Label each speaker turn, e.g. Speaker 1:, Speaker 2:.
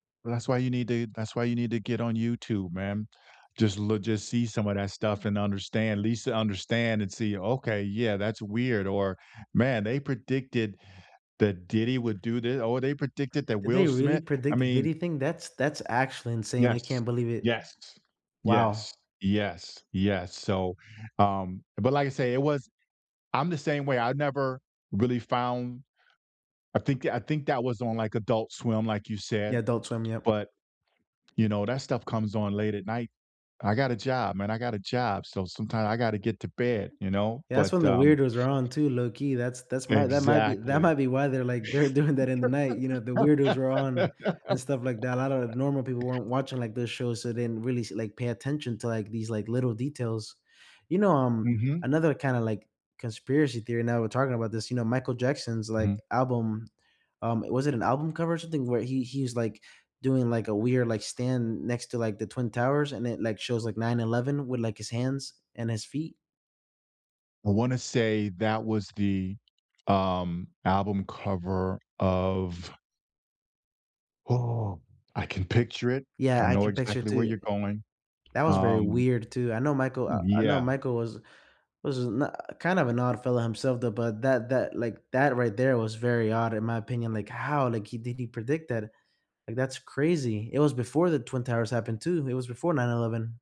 Speaker 1: Well, that's why you need to that's why you need to get on YouTube, man. Just loo just see some of that stuff, and understand least to understand and see, "Okay, yeah, that's weird," or, "Man, they predicted that Diddy would do thi" "Oh, they predicted that
Speaker 2: Did they
Speaker 1: Will
Speaker 2: really
Speaker 1: Smith" I
Speaker 2: predict did
Speaker 1: mean
Speaker 2: he think that's that's actually insane. I
Speaker 1: Yes,
Speaker 2: can't believe it.
Speaker 1: yes,
Speaker 2: Wow.
Speaker 1: yes, yes, yes, so, um, but, like I say, it was I'm the same way, I never really found I think tha I think that was on, like, Adult Swim, like you said
Speaker 2: Yeah, Adult Swim, yep.
Speaker 1: but, you know, that stuff comes on late at night. I got a job, man, I got a job, so, sometimes I gotta get to bed, you know?
Speaker 2: Yeah, that's
Speaker 1: But,
Speaker 2: when the
Speaker 1: um
Speaker 2: weirdos are on, too, low key, that's that's my that might be that
Speaker 1: Exactly.
Speaker 2: might be why they're, like, they're doing that in the night, you know, the weirdos were on, and stuff like that, a lotta normal people weren't watching, like, this show, so they didn't really see like, pay attention to, like, these, like, little details. You know, um,
Speaker 1: Mhm.
Speaker 2: another kinda, like, conspiracy theory, now we're talking about this, you know, Michael Jackson's, like,
Speaker 1: Mhm.
Speaker 2: album, um was it an album cover, or something, where he he's, like, doing, like, a weird, like, stand next to, like, the Twin Towers, and it, like, shows, like, 9/11 with, like, his hands, and his feet?
Speaker 1: I wanna say that was the, um, album cover of Oh, I can picture it, I
Speaker 2: Yeah, I
Speaker 1: know
Speaker 2: can picture it,
Speaker 1: exactly where
Speaker 2: too
Speaker 1: you're going,
Speaker 2: that was very
Speaker 1: um
Speaker 2: weird, too. I know Michael I I know
Speaker 1: Yeah.
Speaker 2: Michael was was no kind of an odd fellow himself, though, but that that like, that right there was very odd, in my opinion, like, how, like, he did he predict that? Like, that's crazy. It was before the Twin Towers happened, too, it was before 9/11.